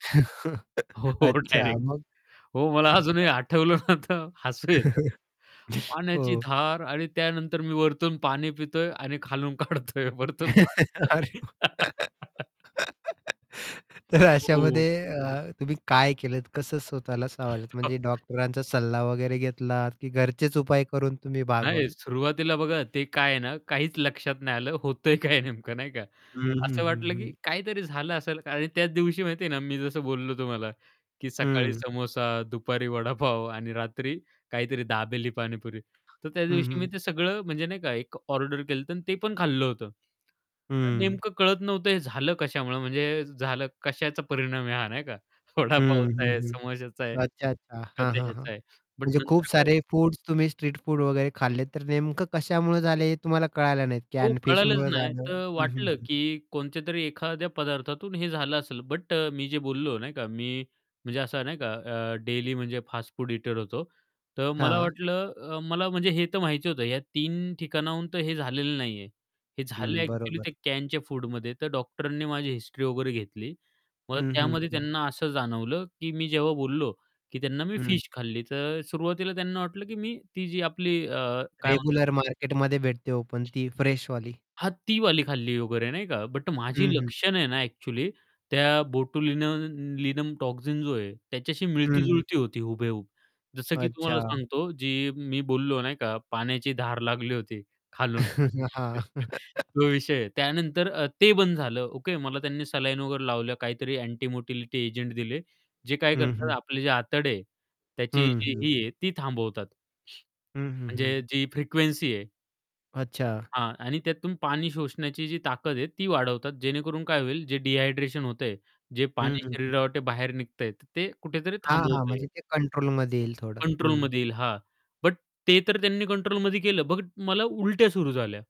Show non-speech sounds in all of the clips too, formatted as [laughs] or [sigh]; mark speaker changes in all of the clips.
Speaker 1: [chuckles]
Speaker 2: हो,
Speaker 1: अच्छा,
Speaker 2: डायरेक्ट.
Speaker 1: मग?
Speaker 2: हो, मला अजूनही
Speaker 1: [chuckles]
Speaker 2: आठवलं ना, तर हसू येतं.
Speaker 1: [chuckles]
Speaker 2: पाण्याची
Speaker 1: हो.
Speaker 2: धार आणि त्यानंतर मी वरतून पाणी पितोय आणि खालून काढतोय वरतून
Speaker 1: [laughs] अरे,
Speaker 2: पाणी
Speaker 1: [unintelligible]
Speaker 2: [laughs]
Speaker 1: [laughs] तर
Speaker 2: हो.
Speaker 1: अशामध्ये अ, तुम्ही काय केलंत? कसं स्वतःला सावरलं? म्हणजे
Speaker 2: [laughs]
Speaker 1: डॉक्टरांचा सल्ला वगैरे घेतलात की घरचेच उपाय करून तुम्ही
Speaker 2: नाही,
Speaker 1: भागवलं?
Speaker 2: सुरुवातीला बघा ते काय आहे ना, काहीच लक्षात नाही. आलं होतंय काय नेमकं नाही का.
Speaker 1: हं, हं,
Speaker 2: असं
Speaker 1: हं,
Speaker 2: वाटलं, की
Speaker 1: हं.
Speaker 2: काहीतरी झालं असेल आणि त्याच दिवशी माहिती आहे ना मी जसं बोललो तुम्हाला, की सकाळी
Speaker 1: हं.
Speaker 2: समोसा, दुपारी वडापाव आणि रात्री काहीतरी दाबेली, पाणीपुरी. तर
Speaker 1: हं,
Speaker 2: त्यादिवशी मी
Speaker 1: हं.
Speaker 2: ते सगळं म्हणजे नाही का, एक ऑर्डर केलं होतं आणि ते पण खाल्लं होतं.
Speaker 1: हं.
Speaker 2: नेमकं कळत नव्हतं, हे झालं कशामुळं? म्हणजे झालं कशाचा परिणाम आहे हा नाही का.
Speaker 1: हं.
Speaker 2: वडापावचा आहे,
Speaker 1: हं, हं.
Speaker 2: समोसाचा आहे
Speaker 1: अच्छा, अच्छा.
Speaker 2: का
Speaker 1: हां,
Speaker 2: ते
Speaker 1: हां, हां.
Speaker 2: ह्याचं आहे बट
Speaker 1: म्हणजे खूप
Speaker 2: नंतर काय
Speaker 1: सारे फूड्स तुम्ही स्ट्रीट फूड वगैरे खाल्ले, तर नेमकं कशामुळे झाले हे तुम्हाला कळायला
Speaker 2: हो,
Speaker 1: नाही.
Speaker 2: कळालंच
Speaker 1: फिशमुळे
Speaker 2: नाही.
Speaker 1: झालं
Speaker 2: तर
Speaker 1: हं, हं,
Speaker 2: वाटलं,
Speaker 1: हं.
Speaker 2: की कोणत्यातरी एखाद्या पदार्थातून हे झालं असेल, बट अ, मी जे बोललो नाही का, मी म्हणजे असं नाही का अ, डेली म्हणजे फास्ट फूड इटर होतो. तर मला
Speaker 1: हां.
Speaker 2: वाटलं, अ, मला म्हणजे हे तर माहिती होतं या 3 ठिकाणाहून तर हे झालेलं नाही आहे, हे झालं
Speaker 1: हं,
Speaker 2: ॲक्चुअली
Speaker 1: बरोबर.
Speaker 2: ते कॅनच्या फूडमध्ये. तर डॉक्टरांनी माझी हिस्ट्री वगैरे घेतली. मग
Speaker 1: हं, हं,
Speaker 2: त्यामध्ये
Speaker 1: हं.
Speaker 2: त्यांना असं जाणवलं, की मी जेव्हा बोललो, की त्यांना "मी
Speaker 1: हं.
Speaker 2: फिश खाल्ली." तर सुरुवातीला त्यांना वाटलं की मी ती जी आपली अ, काय म्हणतात
Speaker 1: रेग्युलर
Speaker 2: ते
Speaker 1: मार्केटमध्ये भेटते ओपन ती फ्रेशवाली.
Speaker 2: हां, तीवाली खाल्ली वगैरे नाही का, बट माझी
Speaker 1: हं, हं.
Speaker 2: लक्षणं आहे ना ॲक्चुअली त्या बोट लिनन लिनम टॉक्सिन जो आहे, त्याच्याशी
Speaker 1: हं, हं.
Speaker 2: मिळती-जुळती होती हुबेहूब. जसं की तुम्हाला
Speaker 1: अच्छा.
Speaker 2: सांगतो, जी मी बोललो नाही का, पाण्याची धार लागली होती खालून,
Speaker 1: [laughs] हां.
Speaker 2: [chuckles]
Speaker 1: [chuckles]
Speaker 2: तो विषय आहे. त्यानंतर अ, ते बंद झालं. ओके, मला त्यांनी सलाईन वगैरे लावल्या, काहीतरी अँटी मोटिलिटी एजंट दिले. जे काय
Speaker 1: हं,
Speaker 2: करतात
Speaker 1: हं.
Speaker 2: आपले जे आतडे आहे, त्याची
Speaker 1: हं,
Speaker 2: जी
Speaker 1: हं.
Speaker 2: ही आहे ती थांबवतात.
Speaker 1: हं, हं, हं.
Speaker 2: म्हणजे जी फ्रिक्वेन्सी आहे
Speaker 1: अच्छा.
Speaker 2: हां. आणि त्यातून पाणी शोषण्याची जी ताकद आहे, ती वाढवतात. जेणेकरून काय होईल, जे डिहायड्रेशन होतंय, जे
Speaker 1: हं,
Speaker 2: पाणी
Speaker 1: हं, हं.
Speaker 2: शरीराबाहेर निघत आहे, ते कुठेतरी
Speaker 1: हां, हां.
Speaker 2: थांबवता
Speaker 1: म्हणजे
Speaker 2: येतं.
Speaker 1: ते कंट्रोलमध्ये येईल थोडं. हं.
Speaker 2: कंट्रोलमध्ये येईल. हां, बट ते तर त्यांनी कंट्रोलमध्ये केलं. बघ, मला उलट्या सुरू झाल्या.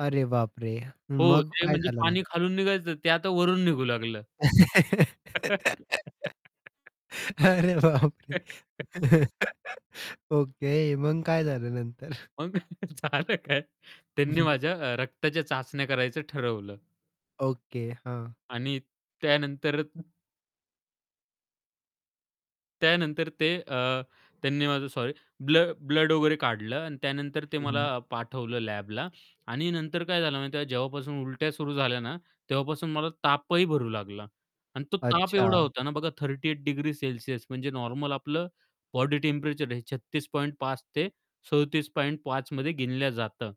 Speaker 1: अरे बापरे!
Speaker 2: हो,
Speaker 1: मग
Speaker 2: ते
Speaker 1: काय
Speaker 2: म्हणजे
Speaker 1: झालं
Speaker 2: पाणी
Speaker 1: नंतर?
Speaker 2: खालून निघायचं ते आता वरून निघू लागलं.
Speaker 1: [laughs]
Speaker 2: [laughs]
Speaker 1: अरे, बापरे!
Speaker 2: [laughs]
Speaker 1: [laughs] ओके. मग काय झालं नंतर? [chuckles]
Speaker 2: मग [chuckles] झालं काय? त्यांनी
Speaker 1: [chuckles]
Speaker 2: माझ्या अ, रक्ताच्या चाचण्या करायचं ठरवलं.
Speaker 1: ओके, हां.
Speaker 2: आणि त्यानंतर त्यानंतर ते अ, त्यांनी माझं सॉरी, ब्लड ब्लड वगैरे काढलं आणि त्यानंतर ते
Speaker 1: हं,
Speaker 2: मला
Speaker 1: हं.
Speaker 2: पाठवलं लॅबला. आणि नंतर काय झालं माहिती आहे, जेव्हापासून उलट्या सुरू झाल्या ना, तेव्हापासून मला तापही भरू लागला आणि तो ताप एवढा
Speaker 1: अच्छा.
Speaker 2: होता ना बघा 38 डिग्री सेल्सिअस. म्हणजे नॉर्मल आपलं बॉडी टेम्परेचर हे 36.5 ते 37.5 मध्ये गिणल्या जातं,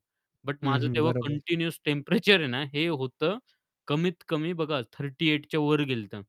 Speaker 2: बट
Speaker 1: हं,
Speaker 2: माझं
Speaker 1: हं.
Speaker 2: तेव्हा
Speaker 1: बरोबर.
Speaker 2: कंटिन्यूअस टेम्परेचर आहे ना हे होतं कमीत कमी बघा 38 च्या वर गेलं होतं.